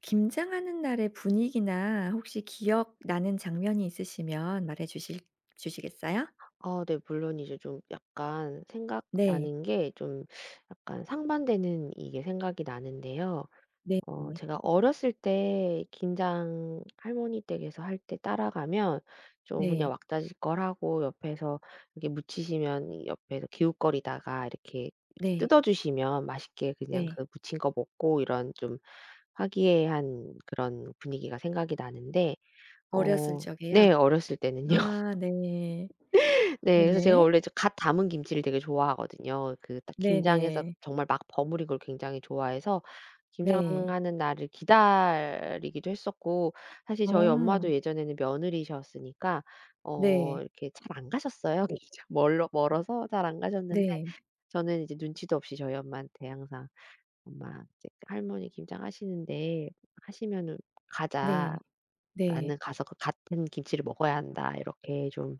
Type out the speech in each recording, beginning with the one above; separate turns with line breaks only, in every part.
김장하는 날의 분위기나 혹시 기억나는 장면이 있으시면 말해 주실 주시겠어요?
어 네. 물론 이제 좀 약간
네.
생각나는 게 좀 약간 상반되는 이게 생각이 나는데요.
네.
어
네.
제가 어렸을 때 김장 할머니 댁에서 할 때 따라가면 좀 그냥
네.
왁자지껄 하고 옆에서 이렇게 묻히시면 옆에서 기웃거리다가 이렇게 이렇게
네.
뜯어 주시면 맛있게 그냥
네.
그 묻힌 거 먹고 이런 좀 화기애애한 그런 분위기가 생각이 나는데
어렸을
어
적에요?
네 어렸을 때는요.
아 네.
네. 그래서 제가
네네.
원래 갓 담은 김치를 되게 좋아하거든요. 그 딱 김장에서
네네.
정말 막 버무린 걸 굉장히 좋아해서
네.
김장하는 날을 기다리기도 했었고 사실 저희
아.
엄마도 예전에는 며느리셨으니까 어
네.
이렇게 잘 안 가셨어요. 이게 참 -멀 멀어서 잘 안 가셨는데
네.
저는 이제 눈치도 없이 저희 엄마한테 항상 "엄마 이제 할머니 김장 하시는데 하시면은 가자.
네.
나는
네.
가서 갓 한 김치를 먹어야 한다." 이렇게 좀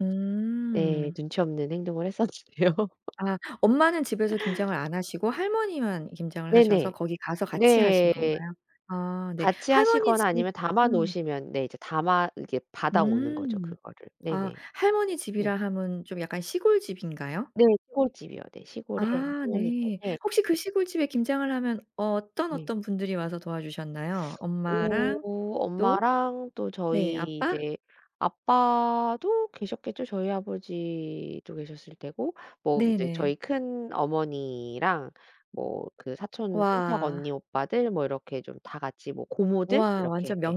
네
음.
눈치없는 행동을 했었는데요.
아. 엄마는 집에서 김장을 안 하시고 할머니만 김장을 하셔서
네네.
거기 가서 같이 하신
네.
건가요? 아 네.
같이
할머니
하시거나
집
아니면 담아
음.
놓으시면 네 이제 담아 이렇게 받아오는 거죠
음.
그거를.
아.
네네.
할머니
네.
집이라 함은 좀 약간 시골집인가요?
네. 시골집이요. 네. 시골에
아.
할머니
네.
댁에
혹시 그 시골집에 김장을 하면 어떤,
네.
어떤 분들이 와서 도와주셨나요?
어.
엄마랑 또?
엄마랑 또
네.
저희
아빠?
이제 아빠도 계셨겠죠. 저희 아버지도 계셨을 테고 뭐 이제
네네.
저희 큰 어머니랑 뭐 그 사촌 친척
와.
언니 오빠들 뭐 이렇게 좀 다 같이 뭐 고모들
우와.
이렇게
완전
네.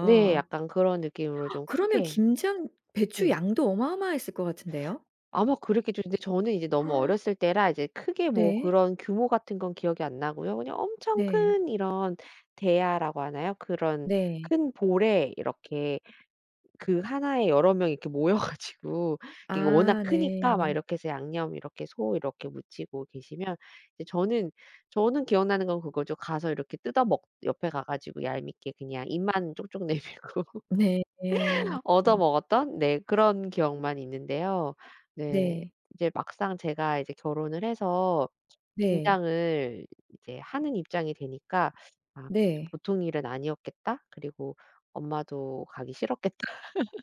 네. 약간 그런 느낌으로 좀
그러면
크게
김장 배추
네.
양도 어마어마했을 것 같은데요?
아마 그랬겠죠. 근데 저는 이제 너무 어렸을 때라 이제 크게 뭐
네.
그런 규모 같은 건 기억이 안 나고요. 그냥 엄청
네.
큰 이런 대야라고 하나요? 그런
네.
큰 볼에 이렇게 그 하나에 여러 명이 이렇게 모여 가지고 이게 워낙
아.
크니까 막
네.
이렇게 해서 양념 이렇게 소 이렇게 무치고 계시면 이제 저는, 저는 기억나는 건 그거죠. 가서 이렇게 뜯어 먹 옆에 가 가지고 얄밉게 그냥 입만 쪽쪽 내밀고
네. 네.
얻어 먹었던 네 그런 기억만 있는데요. 네.
네.
이제 막상 제가 이제 결혼을 해서
네.
김장을 이제 하는 입장이 되니까 '아 좀
네.
보통 일은 아니었겠다.' 그리고 '엄마도 가기 싫었겠다.'